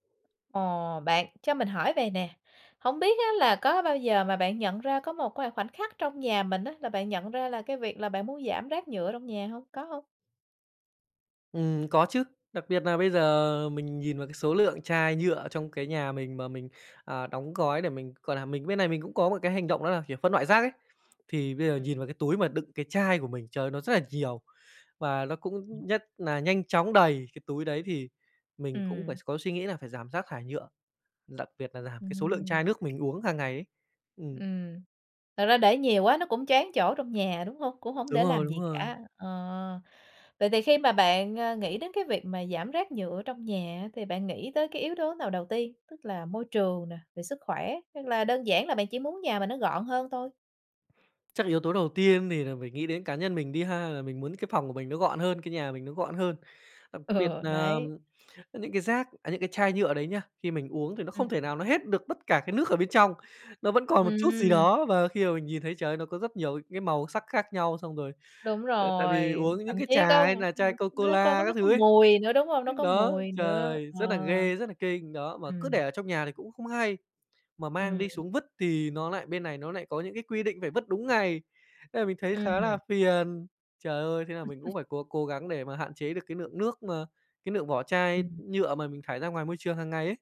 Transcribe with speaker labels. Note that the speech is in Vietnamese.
Speaker 1: Ồ, bạn, cho mình hỏi vầy nè, hổng biết á là có bao giờ mà bạn nhận ra có một vài khoảnh khắc trong nhà mình á, là bạn nhận ra là cái việc là bạn muốn giảm rác nhựa trong nhà hông? Có hông?
Speaker 2: Ừm, có chứ, đặc biệt nà bây giờ mình nhìn vào cái số lượng chai nhựa trong cái nhà mình mà mình, ờ, đóng gói để mình, gọi là, mình bên này mình cũng có một cái hành động đó là, kiểu, phân loại rác ấy. Thì bây giờ nhìn vào cái túi mà đựng cái chai của mình, trời ơi, nó rất là nhiều và nó cũng
Speaker 1: [unintelligible]
Speaker 2: nhất nà nhanh chóng đầy cái túi đấy, thì mình cũng phải
Speaker 1: Ừm.
Speaker 2: có suy nghĩ là phải giảm rác thải nhựa, đặc biệt là giảm cái số lượng
Speaker 1: Ừm.
Speaker 2: chai nước mình uống hàng ngày ấy. Ừm.
Speaker 1: Ừm. Thật ra để nhiều quá nó cũng choán chỗ trong nhà, đúng hông? Cũng hổng
Speaker 2: Đúng
Speaker 1: để
Speaker 2: rồi,
Speaker 1: làm
Speaker 2: đúng
Speaker 1: gì
Speaker 2: rồi.
Speaker 1: cả. Ờ, vậy thì khi mà bạn, ơ, nghĩ đến cái việc mà giảm rác nhựa trong nhà á, thì bạn nghĩ tới cái yếu tố nào đầu tiên? Tức là môi trường nè, về sức khỏe, hay là đơn giản là bạn chỉ muốn nhà mình nó gọn hơn thôi?
Speaker 2: Chắc yếu tố đầu tiên thì nà mình nghĩ đến cá nhân mình đi ha, là mình muốn cái phòng của mình nó gọn hơn, cái nhà của mình nó gọn hơn. Đặc biệt
Speaker 1: Ừ,
Speaker 2: nà,
Speaker 1: đấy.
Speaker 2: ờm, ơ, những cái rác, à, những cái chai nhựa đấy nha, khi mình uống thì nó
Speaker 1: Ừm.
Speaker 2: không thể nào nó hết được tất cả cái nước ở bên trong, nó vẫn còn một chút gì
Speaker 1: Ừm.
Speaker 2: đó và khi mà mình nhìn thấy, trời ơi, nó có rất nhiều ấy cái màu sắc khác nhau. Xong rồi,
Speaker 1: Đúng
Speaker 2: ờ, tại vì
Speaker 1: rồi.
Speaker 2: uống những
Speaker 1: Thậm
Speaker 2: cái
Speaker 1: chí
Speaker 2: trà
Speaker 1: có,
Speaker 2: hay
Speaker 1: ưm,
Speaker 2: là
Speaker 1: ưm,
Speaker 2: chai Co
Speaker 1: nó có
Speaker 2: Cola
Speaker 1: nó
Speaker 2: các
Speaker 1: có
Speaker 2: thứ ấy,
Speaker 1: mùi nữa, đúng hông? Nó
Speaker 2: ưm,
Speaker 1: có
Speaker 2: đó,
Speaker 1: mùi nữa,
Speaker 2: trời,
Speaker 1: ờ.
Speaker 2: rất là ghê, rất là kinh, đó. Mà cứ để
Speaker 1: Ừm.
Speaker 2: ở trong nhà thì cũng không hay, mà mang
Speaker 1: Ừm.
Speaker 2: đi xuống vứt thì nó lại bên này nó lại có những cái quy định phải vứt đúng ngày, nên là mình thấy
Speaker 1: Ưm
Speaker 2: khá là
Speaker 1: hừm.
Speaker 2: phiền. Trời ơi, thế là mình cũng
Speaker 1: [unintelligible]
Speaker 2: phải cố cố gắng để mà hạn chế được cái lượng nước mà, cái lượng vỏ chai
Speaker 1: Ừm.
Speaker 2: nhựa mà mình thải ra ngoài môi trường hàng ngày ấy.